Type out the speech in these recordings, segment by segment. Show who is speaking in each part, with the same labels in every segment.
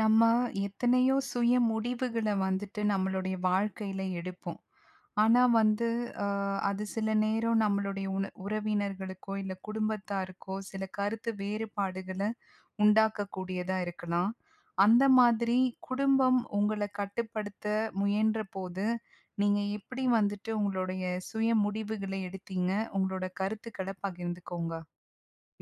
Speaker 1: நம்ம எத்தனையோ சுய முடிவுகள வந்துட்டு நம்மளுடைய வாழ்க்கையில எடுப்போம். ஆனா வந்து, அ அது சில நேரம் நம்மளுடைய உன உறவினர்களுக்கோ! இல்ல, குடும்பத்தாருக்கோ! சில கருத்து வேறுபாடுகள உண்டாக்கக்கூடியதா இருக்கலாம். அந்த மாதிரி குடும்பம் உங்கள கட்டுப்படுத்த முயன்றபோது, நீங்க எப்படி வந்துட்டு உங்களுடைய சுய முடிவுகள எடுத்தீங்க? உங்களோட கருத்துக்கள பகிர்ந்துக்கோங்க.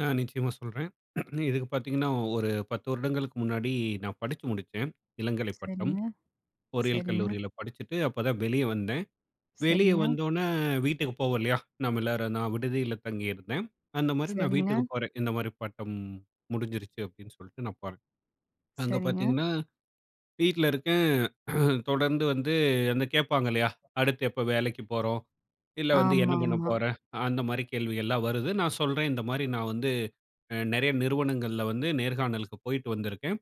Speaker 2: ம். நிச்சயமா சொல்றேன். இதுக்கு பாத்தீங்கன்னா, ஒரு 10 வருடங்களுக்கு முன்னாடி நான் படிச்சு முடிச்சேன், இளங்கலை பட்டம்.
Speaker 1: சரிங்க,
Speaker 2: பொறியியல்
Speaker 1: சரிங்க.
Speaker 2: கல்லூரியில படிச்சுட்டு, அப்பதான் வெளிய வந்தேன். வெளிய
Speaker 1: சரிங்க.
Speaker 2: வந்தோன்னே வீட்டுக்கு போவோம் இல்லையா? நாம எல்லாரும் நான் விடுதியில தங்கியிருந்தேன். அந்த மாரி நான்
Speaker 1: சரிங்க.
Speaker 2: வீட்டுக்குப் போறேன். "இந்த மாரி பட்டம் முடிஞ்சிருச்சு." அப்படின்னு சொல்லிட்டு நான் போறேன். அங்க
Speaker 1: சரிங்க.
Speaker 2: பாத்தீங்கன்னா, வீட்ல இருக்கேன். தொடர்ந்து வந்து அந்த கேப்பாங்க இல்லையா? அடுத்து எப்ப வேலைக்கு போறோம், இல்ல வந்து, "என்ன பண்ண
Speaker 1: ஆமாமா.
Speaker 2: போற?" அந்த மாரி கேள்விகள்லாம் வருது. நான் சொல்றேன், "இந்த மாரி நான் வந்து அ நெறைய நிறுவனங்கள்ல வந்து நேர்காணலுக்கு போய்ட்டு வந்துருக்கேன்.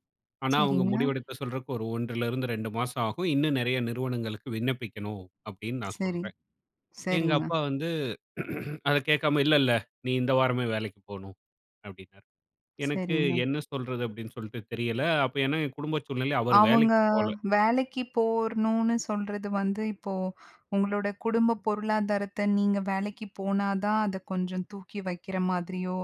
Speaker 2: ஆனா அவங்க
Speaker 1: சரிங்க.
Speaker 2: முடிவெடுக்க சொல்றக்கு ஒரு 1லிருந்து 2 மாசம் ஆகும். இன்னும் நெறைய நிறுவனங்களுக்கு விண்ணப்பிக்கணும்." அப்படின்னு நான்
Speaker 1: சரி.
Speaker 2: சொல்றேன். எங்க
Speaker 1: சரிங்க.
Speaker 2: அப்பா வந்து அத கேக்காம, "இல்லல்ல. நீ இந்த வாரமே வேலைக்கு போணும்." அப்படின்னாரு. எனக்கு,
Speaker 1: சரிங்க.
Speaker 2: "என்ன சொல்றது?" அப்படின்னு சொல்ட்டு தெரியல. அப்போ ஏன்னா, என் குடும்ப சூழ்நிலை. அவரு
Speaker 1: அவுங்க
Speaker 2: வேலைக்கு போல.
Speaker 1: வேலைக்கு போவணும்னு சொல்றது வந்து இப்போ, உங்களோட குடும்ப பொருளாதாரத்த நீங்க வேலைக்கு போனா தான் அத கொஞ்சம் தூக்கி வக்கிற மாதிரியோ!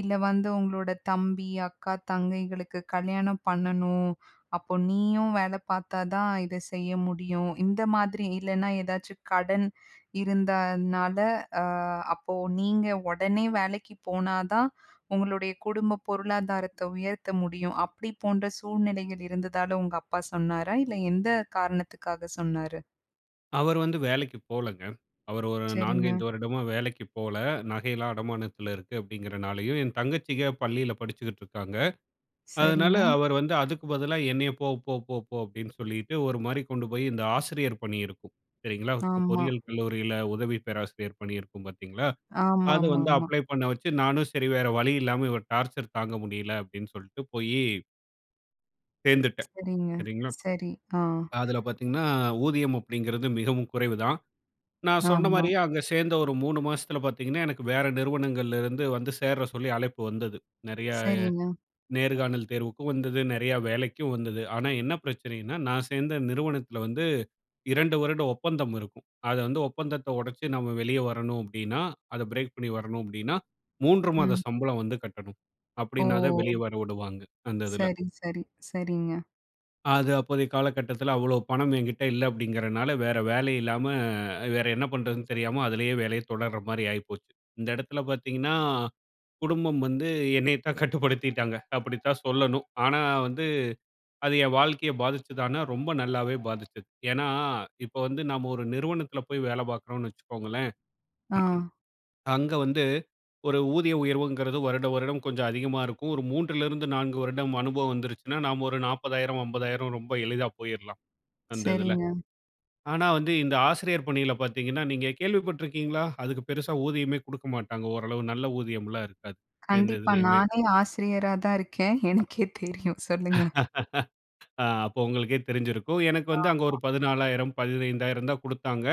Speaker 1: இல்ல வந்து, "உங்களோட தம்பி, அக்கா, தங்கைகளுக்கு கல்யாணம் பண்ணணும். அப்போ நீயும் வேல பாத்தாதான், இத செய்ய முடியும்." இந்த மாதிரி. இல்லனா ஏதாச்சும் கடன் இருந்தனால, அ அப்போ நீங்க ஒடனே வேலைக்கு போனா தான் உங்களுடைய குடும்ப பொருளாதாரத்த உயர்த்த முடியும். அப்படி போன்ற சூழ்நிலைகள் இருந்ததால, உங்க அப்பா சொன்னாரா? இல்ல எந்த காரணத்துக்காக சொன்னாரு?
Speaker 2: அவர் வந்து வேலைக்கு போலங்க. அவர் ஒரு 4, 5
Speaker 1: சரிங்க.
Speaker 2: வருடமா வேலைக்கிப் போல. நகையெல்லாம் அடமானத்தில இருக்கு. அப்டிங்கிறனாலயோ என் தங்கச்சிக பள்ளியில படிச்சுக்கிட்டுருக்காங்க. அதனால,
Speaker 1: சரிங்க.
Speaker 2: அவர் வந்து அதுக்கு பதிலா என்னைய போ போ போ போ அப்டின்னு சொல்லிட்டு ஒருமாரி கொண்டு போயி, இந்த ஆசிரியர் பணியிருக்கும் சரிங்களா! இப்போ
Speaker 1: ஆமா.
Speaker 2: பொறியியல் கல்லூரியில உதவி பேராசிரியர் பணியிருக்கும் பாத்தீங்களா! அது வந்து
Speaker 1: ஆமாமாமா.
Speaker 2: அப்ளே பண்ண வச்சு நானும் சரி வேற வழி இல்லாம, இவர் டார்ச்சர் தாங்கமுடியல அப்டின்னு சொல்ட்டு போயி சேர்ந்துட்டேன்.
Speaker 1: சரிங்க.
Speaker 2: சரிங்களா?
Speaker 1: சரி. ஆ
Speaker 2: அதில பார்த்தீங்கன்னா, ஊதியம் அப்டிங்கிறது மிகவும் குறைவுதான். நான்
Speaker 1: ஆமா.
Speaker 2: சொன்னமாரியே அங்க சேர்ந்த ஒரு 3 மாசத்தில பார்த்தீங்கன்னா, எனக்கு வேற நிறுவனங்கள்லருந்து வந்து சேர சொல்லி அழைப்பு வந்தது. நிறையா
Speaker 1: சரிங்க.
Speaker 2: நேர்காணல் தேர்வுக்கும் வந்தது. நிறையா வேலைக்கும் வந்தது. ஆனா, என்ன பிரச்சனையின்னா, நான் சேர்ந்த நிறுவனத்தில வந்து 2 வருட ஒப்பந்தம் இருக்கும். அத வந்து ஒப்பந்தத்த ஒடச்சு, நம்ம வெளிய வரணும் அப்டின்னா, அத பிரேக் பண்ணி வரணும் அப்டின்னா, 3 மாத
Speaker 1: ம்.
Speaker 2: சம்பளம் வந்து கட்டணும். அப்டினாதான்
Speaker 1: ஓ!
Speaker 2: வெளிய வர விடுவாங்க. அந்த இதுல
Speaker 1: சரி, சரி, சரிங்க.
Speaker 2: அது அப்போதைய காலகட்டத்துல அவ்ளோ பணம் என்கிட்ட இல்ல அப்டிங்கிறனால, வேற வேலை இல்லாம, வேற என்ன பண்ணுறதுன்னு தெரியாம அதுலே வேலைய தொடர்றமாரி ஆயிப்போச்சு. இந்த இடத்துல பார்த்தீங்கன்னா, குடும்பம் வந்து என்னைய தான் கட்டுப்படுத்திட்டாங்க. அப்டித்தான் சொல்லணும். ஆனா, வந்து அது என் வாழ்க்கைய பாதிச்சுதானா, ரொம்ப நல்லாவே பாதிச்சது. ஏன்னா, இப்ப வந்து நம்ம ஒரு நிறுவனத்தில போய் வேல பார்க்குறோன்னு வச்சுக்கோங்களேன்.
Speaker 1: ஆ.
Speaker 2: அங்க வந்து ஒரு ஊதிய உயர்வுங்கிறது வருடம், வருடம் கொஞ்சம் அதிகமா இருக்கும். ஒரு 3 லிருந்து 4 வருடம் அனுபவம் வந்துருச்சுனா, நாம் ஒரு 40000, 50000 ரொம்ப எளிதா போயிர்லாம். அந்த இதுல.
Speaker 1: சரிங்க.
Speaker 2: ஆனா, வந்து இந்த ஆசிரியர் பணியில பார்த்தீங்கன்னா நீங்க கேள்விப்பட்ருக்கீங்களா? அதுக்கு பெருசா ஊதியமே குடுக்க மாட்டாங்க. ஓரளவு நல்ல ஊதியம்லாம் இருக்காது. எந்த
Speaker 1: கண்டிப்பா.
Speaker 2: இதிலயுமே.
Speaker 1: நானே ஆசிரியரா தான் இருக்கேன். எனக்கே தெரியும் சொல்லுங்க.
Speaker 2: ஆ அப்ப உங்களுக்கே தெரிஞ்சிருக்கும். எனக்கு வந்து அங்க ஒரு
Speaker 1: ஆமா.
Speaker 2: 14000, 15000 தான் குடுத்தாங்க.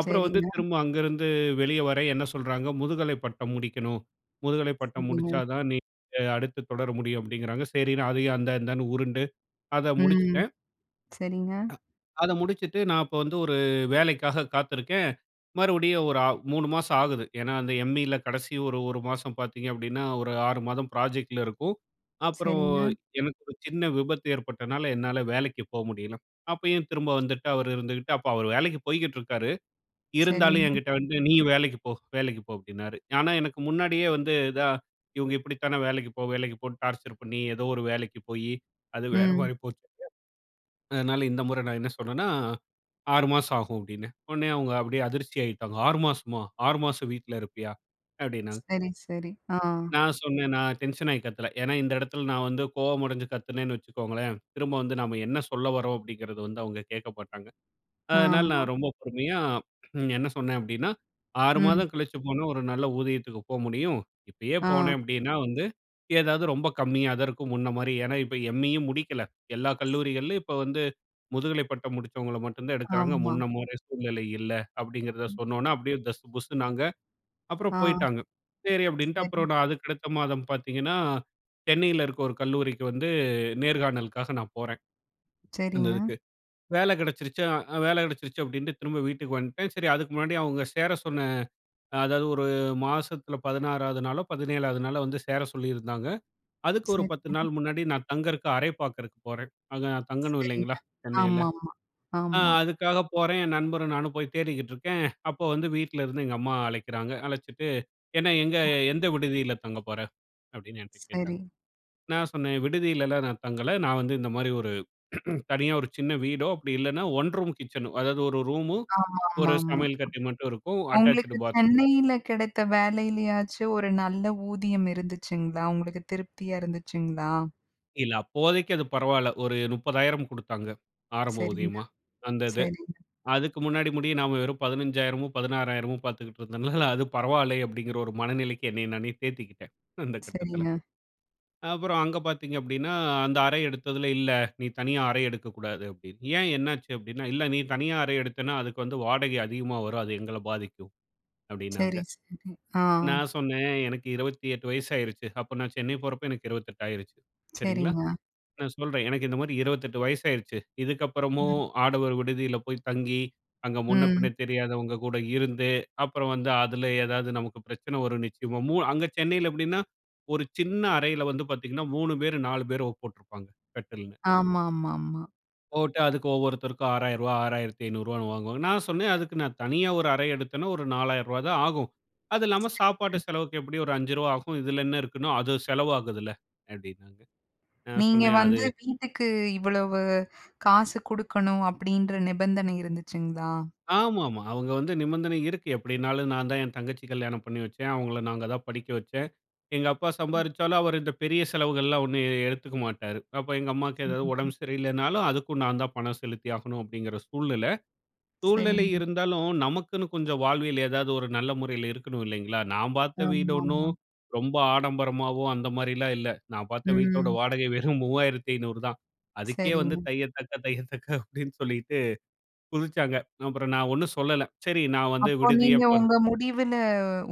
Speaker 2: அப்புறம் வந்து
Speaker 1: சரிங்க.
Speaker 2: திரும்ப அங்கருந்து வெளியே வர என்ன சொல்றாங்க, முதுகலைப் பட்டம் முடிக்கணும். முதுகலைப் பட்டம்
Speaker 1: சரிங்க.
Speaker 2: முடிச்சாதான் நீங்க, அடுத்து தொடர முடியும். அப்டிங்கிறாங்க. சரின்னு அதையும் அந்த அந்தான்னு உருண்டு, அத
Speaker 1: ம்.
Speaker 2: முடிச்சிட்டேன்.
Speaker 1: சரிங்க.
Speaker 2: அ அத முடிச்சுட்டு, நான் அப்பவந்து ஒரு வேலைக்காக காத்துருக்கேன். மறுபடியும் ஒரு ஆ 3 மாசம் ஆகுது. ஏன்னா, அந்த எம்இல கடைசி ஒரு ஒரு மாசம் பார்த்தீங்க அப்டின்னா, ஒரு 6 மாதம் ப்ராஜெக்ட்ல இருக்கும். அப்புறம்
Speaker 1: சரிங்க.
Speaker 2: எனக்கு ஒரு சின்ன விபத்து ஏற்பட்டனால, என்னால வேலைக்கு போ முடியல. அப்பயும் திரும்ப வந்துட்டு அவரு இருந்துகிட்டு, அப்ப அவரு வேலைக்கி போய்க்கிட்டு இருக்காரு, இருந்தாலும்
Speaker 1: சரிங்க.
Speaker 2: என்கிட்ட வந்து நீயும் வேலைக்கு போ வேலைக்கு போஅ, ப்டின்னாரு. ஆனா, எனக்கு முன்னாடியே வந்து இதா இவுங்க இப்பிடித்தான வேலைக்கு போ! லைக்குபோன்னு டார்ச்சர் பண்ணி, எதோ ஒரு வேலைக்கு போயி, அது
Speaker 1: ம்.
Speaker 2: வேறமாரி போச்சு. அதனால இந்த முற நான் என்ன சொன்னன்னா, 6 மாசம் ஆகும் அப்டின்னே. உடனே அவுங்க அப்டியே அதிர்ச்சியாகிட்டாங்க. 6 மாசமா? 6 மாசம் வீட்ல இருப்பியா? அப்டின்னாங்க.
Speaker 1: சரி, சரி, ஆ.
Speaker 2: நான் சொன்னேன். நான் டென்ஷன் ஆயி கத்தல. ஏன்னா, இந்த இடத்தில நான் வந்து கோபமடஞ்சு கத்துனேன்னு வச்சுக்கோங்களேன், திரும்ப வந்து நம்ம என்ன சொல்ல வரோம் அப்டிங்கிறத வந்து அவுங்க கேட்க மாட்டாங்க. அதனால
Speaker 1: ஆமா.
Speaker 2: நான் ரொம்ப பொறுமையா ம் என்ன சொன்னேன் அப்டின்னா, 6
Speaker 1: ம்.
Speaker 2: மாதம் கழிச்சு போனா, ஒரு நல்ல ஊதியத்துக்கு போ முடியும். இப்பயே போனேன்
Speaker 1: ஆ.
Speaker 2: அப்டின்னா வந்து, ஏதாவது ரொம்ப கம்மியா தான் இருக்கும். முன்னமாரி ஏன்னா, இப்ப எம்.இயும் முடிக்கல. எல்லா கல்லூரிகள்லயும் இப்ப வந்து முதுகலை பட்டம் முடித்தவங்கள மட்டுந்தான் எடுக்கிறாங்க.
Speaker 1: ஆமா.
Speaker 2: முன்னமாரி சூழ்நிலை இல்ல. அப்டிங்கிறத
Speaker 1: ம்.
Speaker 2: சொன்னவுன, அப்டியே தஸ் புஸ்ஸூனாங்க.
Speaker 1: ஆ,
Speaker 2: அப்புறம் போயிட்டாங்க. சரி அப்டின்ட்டு
Speaker 1: சரி.
Speaker 2: அப்புறம் நான் அதுக்கு அடுத்த மாதம் பார்த்தீங்கன்னா, சென்னையில இருக்க ஒரு கல்லூரிக்கு வந்து, நேர்காணலுக்காக நான் போறேன், அந்த
Speaker 1: சரிங்க.
Speaker 2: இதுக்கு. வேல கிடச்சிருச்சு ஆ வேல கிடைச்சிருச்சு அப்டின்ட்டு, திரும்ப வீட்டுக்கு வந்டேன். சரி அதுக்கு முன்னாடி அவுங்க சேர சொன்ன அ அதாவது ஒரு மாசத்துல 16 ஆவது நாளோ, 17 ஆவது நாளோ! வந்து சேர சொல்லியிருந்தாங்க. அதுக்கு ஒரு
Speaker 1: சரி.
Speaker 2: 10 நாள் முன்னாடி நான் தங்கிறக்கு அரை பார்க்கிறக்கு போறேன். அங்க நான் தங்கணும்
Speaker 1: சரிங்க.
Speaker 2: இல்லேங்களா? சென்னையில.
Speaker 1: ஆமாமா,
Speaker 2: அ
Speaker 1: ஆமா.
Speaker 2: அதுக்காக போறேன் என் நண்பரும், நானும் போயி தேடிக்கிட்டுருக்கேன். அப்போ வந்து வீட்ல இருந்து எங்க அம்மா அழைக்கிறாங்க. அழைச்சுட்டு, என்ன எங்க
Speaker 1: ஓ.
Speaker 2: எந்த விடுதியில தங்க போற. அப்டின்னு என்ட்ட கேட்டாங்க.
Speaker 1: சரி.
Speaker 2: நான் சொன்னேன், விடுதியிலலாம் நான் தங்கல. நான் வந்து இந்தமாரி ஒரு தனியா ஒரு சின்ன வீடோ! அப்டி இல்லன்னா, 1 ரூம் கிச்சனு. அதாவது ஒரு ரூமு, ஒரு
Speaker 1: ஆமாமாமா.
Speaker 2: சமையல் கட்டு மட்டும் இருக்கும். அட்டாச்சுடு
Speaker 1: உங்களுக்கு
Speaker 2: பாத்ரூம்.
Speaker 1: சென்னையில கிடைத்த வேலையிலயாச்சும் ஒரு நல்ல ஊதியம் இருந்துச்சுங்களா? உங்களுக்கு திருப்தியா இருந்துச்சுங்களா?
Speaker 2: இல்ல அப்போதைக்கு அது பரவால்ல. ஒரு 30,000 குடுத்தாங்க. ஆரம்ப
Speaker 1: சரிங்கன்னா,
Speaker 2: ஊதியமா. அந்த இது.
Speaker 1: சரிங்.
Speaker 2: அதுக்கு முன்னாடி முடிய நாம வெறும் 15000மோ 16000மோ பார்த்துக்குட்டு இருந்தனால, அது பரவால்லை அப்டிங்கற ஒரு மனநிலைக்கு என்னை நானே தேத்திக்கிட்டேன், அந்த கட்டத்தில.
Speaker 1: சரிங்க.
Speaker 2: அப்புறம் அங்க பார்த்தீங்க அப்டின்னா, அந்த அறை எடுத்ததில இல்ல. நீ தனியா அறை எடுக்கக்கூடாது அப்டின்னு. ஏன் என்ன ஆச்சு? அப்படீன்னா இல்ல நீ தனியா அறை எடுத்தன்னா, அதுக்கு வந்து வாடகை அதிகமா வரும். அது எங்கள பாதிக்கும் அப்டின்னாங்க.
Speaker 1: சரி, சரி, ஆ.
Speaker 2: நான் சொன்னேன் எனக்கு 28 வயசாயிருச்சு. அப்போ நான் சென்னை போறப்போ எனக்கு 28 ஆயிருச்சு, சரிங்களா?
Speaker 1: சரிங்க.
Speaker 2: நான் சொல்றேன், எனக்கு இந்த மாதிரி 28 வயசாயிருச்சு இதுக்கப்புறமும்
Speaker 1: ம்.
Speaker 2: ஆடவர் விடுதியில போய் தங்கி, அங்க முன்னபின்ன
Speaker 1: ம்.
Speaker 2: தெரியாதவங்க கூட இருந்து, அப்புறம் வந்து அதில ஏதாது நமக்கு பிரச்சனை வரும் நிச்சயமா! மூ அங்க சென்னையில எப்டின்னா, ஒரு சின்ன அறையில வந்து பார்த்தீங்கன்னா 3 பேர், 4 பேரோ, போட்ருப்பாங்க கட்டில்னு.
Speaker 1: ஆமாமா, ஆமா.
Speaker 2: போட்டு அதுக்கு ஒவ்வொருத்தருக்கும் ரூ.6000 6500 வான்னு வாங்குவாங்க. நான் சொன்னேன், அதுக்கு நான் தனியா 1 அறை எடுத்தேன்னா ஒரு ரூ.4000 தான் ஆகும். அது இல்லாம சாப்பாட்டு
Speaker 1: சரிங்க.
Speaker 2: செலவுக்கு எப்டியும் ஒரு ரூ.5 ஆகும். இதில என்ன இருக்குன்னா, அது செலவு ஆகுதுல்ல? அப்டின்னாங்க. நான்
Speaker 1: நீங்க
Speaker 2: சொன்னேன் அது
Speaker 1: வந்து வீட்டுக்கு இவ்வளவு காசு குடுக்கணும் அப்படீன்ற நிபந்தனை இருந்ததுச்சுங்ளா?
Speaker 2: ஆமாமா. அவங்க வந்து நிபந்தனை இருக்கு எப்டினாலும், நான்தான் என் தங்கச்சி கல்யாணம் பண்ணி வச்சேன். அவங்கள நாங்க தான் படிக்க வச்சேன். எங்க அப்பா
Speaker 1: ம்.
Speaker 2: சம்பாரிச்சாலும், அவரு இந்த பெரிய செலவுகள்லாம் ஒண்ணும் எ எடுத்துக்க மாட்டாரு. அப்ப எங்க அம்மாக்கு ஏதாவது
Speaker 1: ம்ஹ்ம்.
Speaker 2: உடம்பு சரியில்லைனாலும், அதுக்கும் நான் தான் பணம் செலுத்தி ஆகணும். அப்டிங்கிற சூழ்நிலை. சூழ்நிலை
Speaker 1: சரிங்க.
Speaker 2: இருந்தாலும் நமக்குன்னு கொஞ்சம் வாழ்வில் ஏதாவது ஒரு நல்ல முறையில இருக்கணும் இல்லைங்களா? நான் பார்த்த வீடு ஒண்ணும்
Speaker 1: ஆமாமா.
Speaker 2: ரொம்ப ஆடம்பரமாவோ, அந்த மாரிலாம் இல்ல. நான் பார்த்த வீட்டோட
Speaker 1: ம்.
Speaker 2: வாடகை வெறும் 3500 தான். அதுக்கே வந்து
Speaker 1: சரிங்க.
Speaker 2: தைய தக்க, தையத்தக்க அப்டின்னு சொல்லிட்டு குதிச்சாங்க. அப்புறம் நான் ஒண்ணும் சொல்லல. சரி நான் வந்து
Speaker 1: அப்போ
Speaker 2: விடுதியே
Speaker 1: நீங்க
Speaker 2: போறேன்.
Speaker 1: உங்க முடிவுல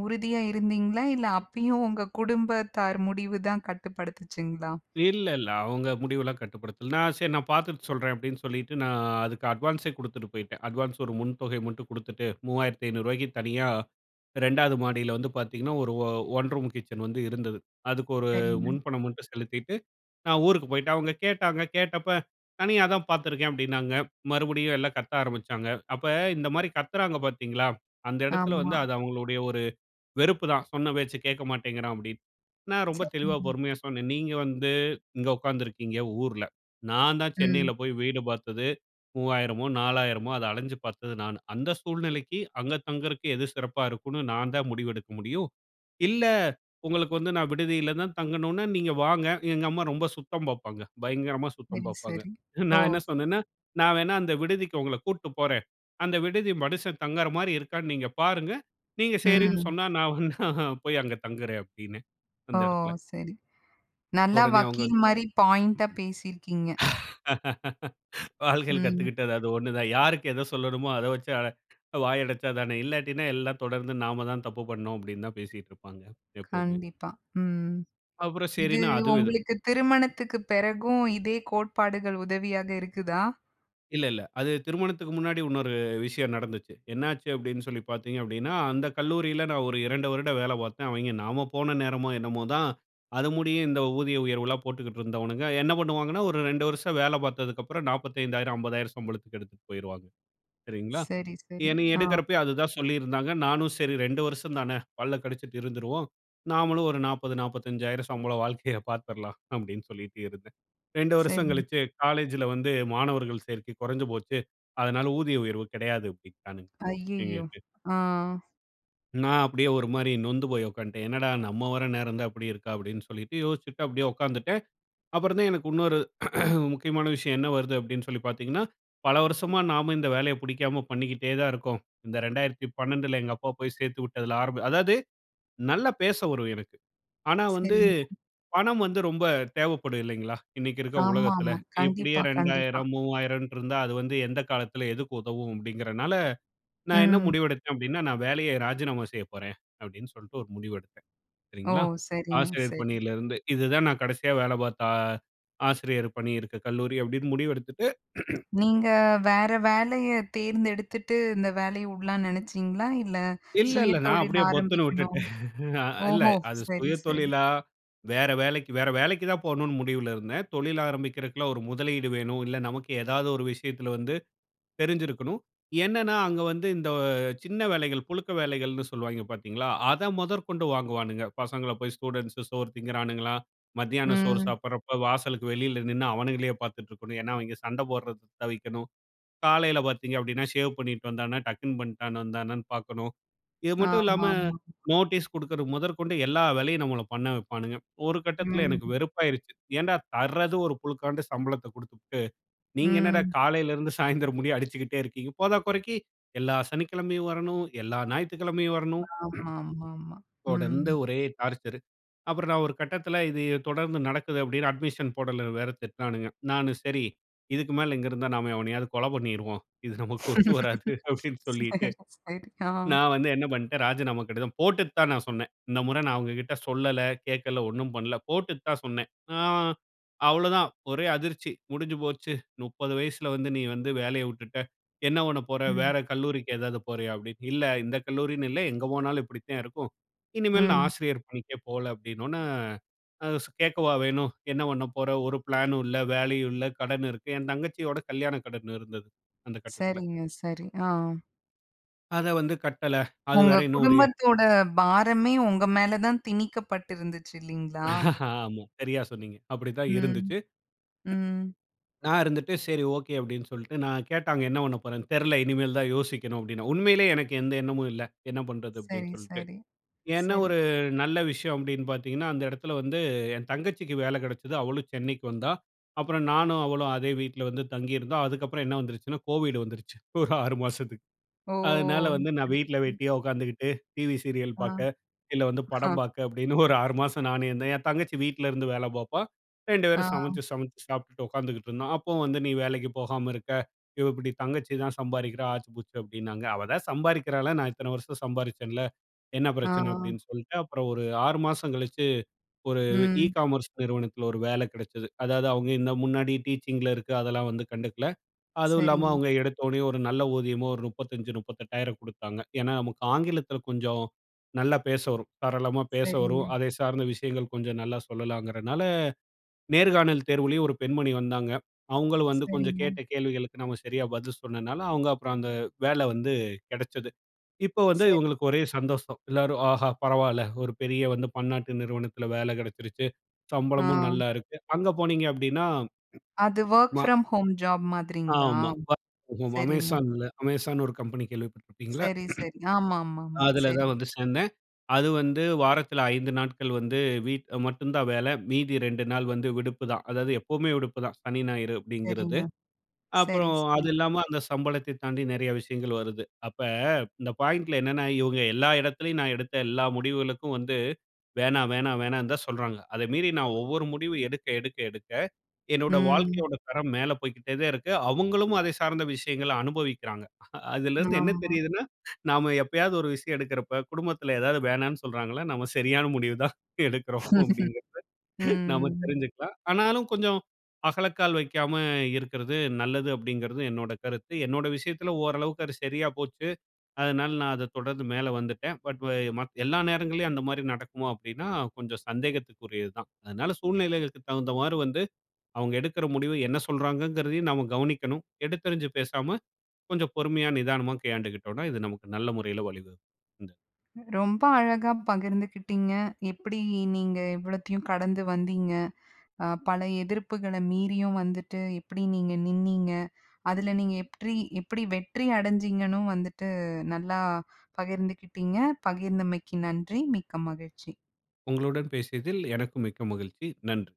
Speaker 1: உறுதியா இருந்தீங்களா? இல்ல அப்பயும் உங்க குடும்பத்தார் முடிவு தான் கட்டுப்படுத்துச்சுங்ளா?
Speaker 2: இல்ல, இல்ல, அவங்க முடிவெல்லாம் கட்டுப்படுத்தல. நான் சரி நான் பாத்துட்டு சொல்றேன். அப்டின்னு சொல்லிட்டு நான் அதுக்கு அட்வான்ஸே குடுத்துட்டு போய்டேன். அட்வான்ஸே ஒரு முன்தொகை மட்டும் குடுத்துட்டு ரூ.3500 க்கு தனியா 2 வது மாடியில வந்து பார்த்தீங்கன்னா, ஒரு ஒ 1 ரூம் கிட்சன் வந்து இருந்தது. அதுக்கு ஒரு
Speaker 1: சரிங்க.
Speaker 2: முன்பணம் மட்டும் செலுத்திட்டு. நான் ஊருக்கு போய்டேன். அவங்க கேட்டாங்க. கேட்டப்ப தனியா தான் பார்த்துருக்கேன் அப்டின்னாங்க. மறுபடியும் எல்லாம் கத்த ஆரம்பிச்சாங்க. அப்ப இந்த மாரி கத்துறாங்க பார்த்தீங்களா? அந்த இடத்தில வந்து
Speaker 1: ஆமா.
Speaker 2: அது அவங்களுடைய ஒரு வெறுப்புதான் சொன்ன பேச்சு கேட்க மாட்டேங்கிறான் அப்டின்னு. நான் ரொம்ப தெளிவா
Speaker 1: சரி.
Speaker 2: பொறுமையா சொன்னேன் நீங்க வந்து இங்க உட்காந்துருக்கீங்க, ஊர்ல. நான் தான் சென்னையில
Speaker 1: ம்.
Speaker 2: போய் வீடு பார்த்தது 3000மோ 4000மோ அத அலஞ்சு பார்த்தது நான். அந்த சூழ்நிலைக்கு அங்க தங்குறதுக்கு எது சிறப்பா இருக்கும்ன்னு நான் தான் முடிவெடுக்க முடியும். இல்ல உங்களுக்கு வந்து நான் விடுதியில தான் தங்கணும்னா, நீங்க வாங்க எங்க அம்மா ரொம்ப சுத்தம் பாப்பாங்க பயங்கரமா சுத்தம்
Speaker 1: சரி,
Speaker 2: பாப்பாங்க.
Speaker 1: சரி. ஓ!
Speaker 2: நான் என்ன சொன்னேன்னா, நான் வேணா அந்த விடுதிக்கு உங்கள கூட்டு போறேன். அந்த விடுதி மனுஷன் தங்கற மாரி இருக்கான்னு நீங்க பாருங்க. நீங்க சரின்னு
Speaker 1: ம்.
Speaker 2: சொன்னா நான் வேனா போய் அங்க தங்குறேன் அப்படின்னு
Speaker 1: ஓ!
Speaker 2: அந்த இடத்தில.
Speaker 1: சரி நல்லா
Speaker 2: உடனே அவங்க
Speaker 1: வக்கீல் மாரி பாயிண்ட்டா பேசிருக்கீங்க.
Speaker 2: வாழ்கையில
Speaker 1: ம்.
Speaker 2: கத்துக்கிட்டது அது ஒண்ணு தான். யாருக்கு எதை சொல்லணுமோ, அத வெச்சு அத வாய் அடைச்சா தானே! இல்லாட்டினா எல்லாம் தொடர்ந்து நாம தான் தப்பு பண்ணோம். அப்டின்னு தான் பேசிட்டு இருப்பாங்க எப்பவுமே.
Speaker 1: கண்டிப்பா. ம்
Speaker 2: அப்புறம்
Speaker 1: இது
Speaker 2: சரின்னு அதுவும் இது
Speaker 1: உங்களுக்கு திருமணத்துக்கு பிறகும் இதே கோட்பாடுகள் உதவியாக இருக்குதா?
Speaker 2: இல்ல, இல்ல. அது திருமணத்துக்கு முன்னாடி இன்னொரு விஷயம் நடந்துச்சு. என்னாச்சு அப்படின்னு சொல்லி பார்த்தீங்க அப்படின்னா, அந்த கல்லூரியில நான் ஒரு 2 வருடம் வேலை பார்த்தேன். அவெய்ங்கே நம்ம போன நேரமோ என்னமோதான், அது முடியும் இந்த ஊதிய உயர்வுலாம் போட்டுக்கிட்டு இருந்தவனுங்க, என்ன பண்ணுவாங்கன்னா ஒரு 2 வருஷம் வேலை பார்த்ததுக்கப்பறம் 40000, 50000 சம்பளத்துக்கு எடுத்துட்டு போயிருவாங்க, சரிங்களா?
Speaker 1: சரி, சரி.
Speaker 2: என்னய
Speaker 1: ஆ.
Speaker 2: எடுக்குறப்பயும் அது தான் சொல்லியிருந்தாங்க. நானும், "சரி 2 வருஷம் தான பல்ல கடிச்சுட்டு இருந்துருவோம். நாமளும் ஒரு 40, 450000 சம்பளம் வாழ்க்கைய பார்த்துறலாம்." அப்படினு சொல்லிட்டு இருந்தேன். 2 வருஷம்
Speaker 1: சரிங்க.
Speaker 2: கழிச்சு காலேஜ்‌ல வந்து, "மாணவர்கள் சேர்க்கை கொறைஞ்சு போச்சு, அதனால ஊதிய உயர்வு கெடையாது" அப்படிட்டானுங்க.
Speaker 1: அய்யய்யோ.
Speaker 2: [unintelligible]
Speaker 1: ஆ.
Speaker 2: நான் அப்டியே ஒரு மாரி நொந்து போய் உக்காந்துட்டேன். என்னடா நம்ம வர்ற நேரம் தான் இப்டி இருக்கா? அப்டின்னு சொல்லிட்டு யோசிச்சுட்டு அப்படியே உக்காந்துட்டேன். அப்புறம் தான் எனக்கு இன்னொரு முக்கியமான விஷயம் என்ன வருது? அப்படின்னு சொல்லி பார்த்தீங்கன்னா? பல வருஷமா நாம இந்த வேலைய புடிக்காம பண்ணிக்கிட்டே தான் இருக்கோம். இந்த 2012ல எங்க அப்பா போய் சேர்த்து விட்டதுல ஆரம்ப அதாவது நல்லா பேச வரும் எனக்கு, ஆனா வந்து
Speaker 1: சரிங்க.
Speaker 2: பணம் வந்து ரொம்ப தேவைப்படும் இல்லைங்களா? இன்னைக்கு இருக்கிற
Speaker 1: ஆமா,
Speaker 2: உலகத்துல.
Speaker 1: ஆமா.
Speaker 2: "இப்படியே
Speaker 1: கண்டிப்பா, கண்டிப்பா.
Speaker 2: 2000 3000ட்டு இருந்தா, அது வந்து எந்த காலத்துல, எதுக்கு உதவும்?"அப்படிங்கிறதுனால, நான் என்ன
Speaker 1: ம்.
Speaker 2: முடிவெடுத்தேன் அப்படின்னா, "நான் வேலைய ராஜினாமா செய்ய போறேன்." அப்படின்னு சொல்லிட்டு ஒரு முடிவு எடுத்தேன்,
Speaker 1: ஓ!
Speaker 2: சரிங்களா?
Speaker 1: சரிங்க,
Speaker 2: ஆசிரியர்
Speaker 1: சரி.
Speaker 2: பணியிலிருந்து, இதுதான் நான் கடைசியா வேலை பார்த்த, ஆசிரியர் பணி இருக்க கல்லூரி அப்படின்னு முடிவு எடுத்துட்டு,
Speaker 1: நீங்க வேற வேலைய தேர்ந்தெடுத்துட்டு இந்த வேலைய விடலான்னு நெனச்சீங்களா? இல்ல
Speaker 2: இல்ல, இல்ல நான்
Speaker 1: சுயதொழில்
Speaker 2: அப்படியே பொத்துன்னு
Speaker 1: ஆரம்பிக்கணும்
Speaker 2: விட்டுட்டேன் அ இல்ல
Speaker 1: ஓஹோ!
Speaker 2: அது
Speaker 1: சரி, சரி.
Speaker 2: சுயதொழிலா? வேற வேலைக்கு வேற வேலைக்கு தான் போணும்னு முடிவுல இருந்தேன். தொழில் ஆரம்பிக்கிறதுக்குலாம் ஒரு முதலீடு வேணும், இல்ல நமக்கு ஏதாவது ஒரு விஷயத்துல வந்து தெரிஞ்சிருக்கணும். என்னன்னா அங்க வந்து இந்த சின்ன வேலைகள், புழுக்க வேலைகள்ன்னு சொல்லுவாய்ங்க பார்த்தீங்களா, அத முதற்கொண்டு வாங்குவானுங்க. பசங்கள போய் ஸ்டூடண்ட்ஸ் சோறு திங்கிறானுங்களா, மத்தியானம் சோறு
Speaker 1: ம்.
Speaker 2: சாப்பிடுறப்ப வாசலுக்கு வெளியில நின்னு அவனுங்களையே பார்த்துட்டு இருக்கணும். ஏன்னா அவிங்க சண்ட போடுறத தவிர்க்கணும். காலையில பார்த்தீங்க அப்படின்னா, ஷேவ் பண்ணிட்டு வந்தானா, டக்கிங் பண்ணிட்டு வந்தானான்னு பார்க்கணும். இது மட்டும் இல்லாம
Speaker 1: ஆமா, ஆமா.
Speaker 2: நோட்டீஸ் கொடுக்குறது முதற்கொண்டு எல்லா வேலையும் நம்மல பண்ண வைப்பானுங்க. ஒரு கட்டத்துல எனக்கு
Speaker 1: ம்.
Speaker 2: வெறுப்பாயிருச்சு. ஏன்டா தர்றது ஒரு புழுக்காண்டு சம்பளத்த கொடுத்துபுட்டு, நீங்க என்னடா
Speaker 1: ம்.
Speaker 2: காலையில இருந்து சாயந்தரம் முடிய அடிச்சிக்கிட்டே இருக்கீங்க. போதாக்குறைக்கு எல்லா சனிக்கிழமையும் வரணும். எல்லா ஞாயித்துக்கிழமையும் வரணும்.
Speaker 1: ஆமா, ஆமா, ஆமா.
Speaker 2: தொடர்ந்து
Speaker 1: ம்.
Speaker 2: ஒரே டார்ச்சரு. அப்பறம் நான் ஒரு கட்டத்துல இது தொடர்ந்து நடக்குது, அப்படினு அட்மிஷன் போடலன்னு வேற திட்னானுங்க. நான் சரி இதுக்கு மேல இங்க இருந்தா நாம எவனையாவது கொல பண்ணிருவோம். இது நமக்கு ஒத்து வராது அப்டின்னு சொல்லிட்டு.
Speaker 1: சரி, சரி. ஆ.
Speaker 2: நான் வந்து என்ன பண்ணிட்டேன் ராஜினாமா கடிதம் போட்டுட்டுதான் நான் சொன்னேன். இந்த முற நான் அவுங்க கிட்ட சொல்லல, கேட்கல, ஒண்ணும் பண்ணல போட்டுட்டு தான் சொன்னேன். ஆ அவ்வளோதா ஒரே அதிர்ச்சி, "முடிஞ்சு போச்சு, 30 வயசுல வந்து நீ வந்து வேலைய விட்டுட்ட. என்ன பண்ண போற?
Speaker 1: ம்.
Speaker 2: வேற கல்லூரிக்கு ஏதாவது போறயா?" அப்படின்னு. "இல்ல இந்த கல்லூரின்னு இல்ல எங்க போனாலும் இப்டித்தாந் இருக்கும். இனிமேல் நான்
Speaker 1: ம்.
Speaker 2: ஆசிரியர் பணிக்கே போல." அப்படின்னோடனே, அ ஸ் கேட்கவா வேணும், "என்ன பண்ண போற? ஒரு ப்ளானும் இல்ல, வேலையும் இல்ல கடன் இருக்கு." என் தங்கச்சியோட கல்யாண கடன் இருந்தது. அந்த கட்டத்தில,
Speaker 1: சரிங்க. சரி, ஆ.
Speaker 2: அத வந்து கட்டல. அது
Speaker 1: உங்க
Speaker 2: வேற இன்னும் ஒரு
Speaker 1: குடும்பத்தோட பாரமே உங்க மேலதான் திணிக்கப்பட்டிருந்துச்சு இல்லீங்களா?
Speaker 2: ஆமா. சரியா சொன்னீங்க. அப்டிதான்
Speaker 1: ம்,
Speaker 2: இருந்துச்சு.
Speaker 1: ம்.
Speaker 2: நான் இருந்துட்டு சரி, ஓகே. அப்டின்னு சொல்டு நான் கேட்டாங்க என்ன பண்ண போறேன்னு, "தெரில. இனிமேல் தான் யோசிக்கணும்." அப்டின்னே. உண்மையிலே எனக்கு எந்த எண்ணமும் இல்ல. என்ன பண்றது? அப்டின்னு
Speaker 1: சரி,
Speaker 2: சொல்டு.
Speaker 1: சரி,
Speaker 2: ஏன்னா
Speaker 1: சரி.
Speaker 2: ஒரு நல்ல விஷயம் அப்டின்னு பார்த்தீங்கன்னா, அந்த இடத்தில வந்து, என் தங்கச்சிக்கு வேல கிடைச்சது. அவளும் சென்னைக்கு வந்தா. அப்பறம் நானும், அவளும் அதே வீட்ல வந்து தங்கியிருந்தோம். அதுக்கப்பறம் என்ன வந்துருச்சுனா, கோவிட் வந்துருச்சு. ஒரு 6 மாசத்துக்கு
Speaker 1: ஓ!
Speaker 2: அதனால வந்து நான்
Speaker 1: சரி,
Speaker 2: வீட்ல
Speaker 1: சரி.
Speaker 2: வெட்டியா உட்காந்துக்கிட்டு, டிவி சீரியல்
Speaker 1: ஆம்,
Speaker 2: பார்க்க, இல்ல வந்து
Speaker 1: அஹா.
Speaker 2: படம் பாக்க, அப்டின்னு ஒரு 6 மாசம் நான் என்னா என் தங்கச்சி வீட்ல இருந்து வேல பார்ப்பா, 2
Speaker 1: ஆ.
Speaker 2: பேரும் சமைச்சு சமைச்சு சாப்புட்டுட உட்காந்துகிட்டு இருந்தோம். அப்புவும் வந்து நீ வேலைக்கி போகாம இருக்க, இவ இப்டி தங்கச்சி தான் சம்பாதிக்கிறா! ஆச்சு பூச்சு அப்டின்னாங்க. அவ தான் சம்பாதிக்கிறால்ல. நான் இத்தன வருஷம் சம்பாதித்தேன்ல. என்ன பிரச்சன
Speaker 1: ஆ.
Speaker 2: அப்டின்னு சொல்டு, அப்புறம் ஒரு 6 மாசம் கழிச்சு, ஒரு இ
Speaker 1: ம்.
Speaker 2: காமர்ஸ் நிறுவனத்தில ஒரு வேல கிடைச்சது. அதாவது, அவுங்க இன்ன முன்னாடி டீச்சிங்க்ல இருக்க, அதெல்லாம் வந்து கண்டுக்கல. அதுவும் இல்லாம
Speaker 1: சரிங்க.
Speaker 2: அவுங்க எடுத்தோனே, ஒரு நல்ல ஊதியமோ ஒரு 35, 38,000 குடுத்தாங்க. ஏன்னா, நமக்கு ஆங்கிலத்தில கொஞ்சம், நல்லா பேச வரும். சரளமா பேச வரும்.
Speaker 1: சரிங்க.
Speaker 2: அதே சார்ந்த விஷயங்கள் கொஞ்சம் நல்லா சொல்லலாங்கிறனால, நேர்காணல் தேர்வுலயும் 1 பெண்மணி வந்தாங்க. அவுங்களும் வந்து கொஞ்சம்
Speaker 1: சரிங்க.
Speaker 2: கேட்ட கேள்விகளுக்கு நாம சரியா பதில் சொன்னனால, அவுங்க அப்புறம் அந்த வேல வந்து கிடச்சது. இப்போ வந்து
Speaker 1: சரி.
Speaker 2: இவுங்களுக்கு ஒரே சந்தோஷம். எல்லாரும், "ஆஹா! பரவால்ல. ஒரு பெரிய வந்து பன்னாட்டு நிறுவனத்தில வேல கிடைச்சிருச்சு. சம்பளமும்
Speaker 1: ஆ.
Speaker 2: நல்லா இருக்கு." அங்க போனீங்க அப்டின்னா
Speaker 1: அது ஒர்க்
Speaker 2: மா
Speaker 1: ஃப்ரம் ஹோம் ஜாப் மாதிரிங்களா?
Speaker 2: ஆமா. ஒர்க் ஃப்ரம் ஹோம்
Speaker 1: சரிங்க.
Speaker 2: Amazonல Amazon ஒரு கம்பெனி கேள்விப்பட்ருப்பீங்கல்ல.
Speaker 1: சரி, சரி, ஆமாமா, ஆமா.
Speaker 2: அதில
Speaker 1: சரி.
Speaker 2: தான் வந்து சேர்ந்தேன். அது வந்து வாரத்தில 5 நாட்கள் வந்து வீட் மட்டுந்தான் வேல. மீதி 2 நாள் வந்து விடுப்புதான். அதாவது, எப்பவுமே விடுப்புதான். சனி, ஞாயிறு
Speaker 1: சரிங்க.
Speaker 2: அப்டிங்கிறது.
Speaker 1: சரி,
Speaker 2: அப்புறம் அது
Speaker 1: சரி.
Speaker 2: இல்லாம அந்த சம்பளத்தை தாண்டி நெறைய விஷயங்கள் வருது. அப்ப இந்த பாயிண்ட்ல என்னன்னா, இவுங்க எல்லா இடத்திலேயும் நான் எடுத்த எல்லா முடிவுகளுக்கும் வந்து வேணாம் வேணாம், வேணான்தான் சொல்றாங்க. அதை மீறி நான் ஒவ்வொரு முடிவு எடுக்க, எடுக்க, எடுக்க என்னோட
Speaker 1: ம்.
Speaker 2: வாழ்க்கையோட தரம் மேலே போய்க்கிட்டேதேன் இருக்கு. அவுங்களும் அதை சார்ந்த விஷயங்கள அனுபவிக்கிறாங்க. அதிலருந்து என்ன
Speaker 1: ஆமா.
Speaker 2: தெரியுதுன்னா, நாம எப்பயாவது ஒரு விஷயம் எடுக்கிறப்ப குடும்பத்தில எதாவது வேணான்னு சொல்கிறாங்களா நம்ம சரியான முடிவுதான் எடுக்கிறோம், அப்பிடிங்கிறத நாம
Speaker 1: ம்.
Speaker 2: தெரிஞ்சிக்லாம். ஆனாலும் கொஞ்சம் அகலக்கால் வைக்காம, இருக்கிறது நல்லது அப்டிங்கிறது என்னோட கருத்து. என்னோட விஷயத்தில ஓரளவுக்கு அது சரியா போச்சு. அதனால நான் அத தொடர்ந்து மேல வந்துட்டேன். பட் வ மத் எல்லா நேரங்கள்லையும் அந்தமாரி நடக்குமோ அப்டின்னா, கொஞ்சம் சந்தேகத்திற்கு உரியது தான். அதனால சூழ்நிலைகளுக்கு தகுந்தமாரி வந்து அவுங்க எடுக்கிற முடிவு என்ன சொல்றாங்கிறதையும் நம்ம கவனிக்கணும். எடுத்தெரிஞ்சு பேசாம, கொஞ்சம் பொறுமையா, நிதானமா கையாண்டுக்கிட்டோன்னா, இது நமக்கு நல்ல முறையில வழிவகு இந்த
Speaker 1: ரொம்ப அழகா பகிர்ந்துகிட்டீங்க. எப்டி நீங்க இவ்வளத்தையும் கடந்து வந்தீங்க. அ பல எதிர்ப்புகள மீறியும் வந்துட்டு, எப்டி நீங்க நின்னீங்க. அதுல நீங்க எப்ரீ எப்டி வெற்றி அடஞ்சீங்கன்னு வந்துட்டு நல்லா பகிர்ந்துக்கிட்டிங்க. பகிர்ந்தமைக்கு நன்றி. மிக்க மகிழ்ச்சி.
Speaker 2: உங்களுடன் பேசியதில் எனக்கும் மிக்க மகிழ்ச்சி. நன்றி.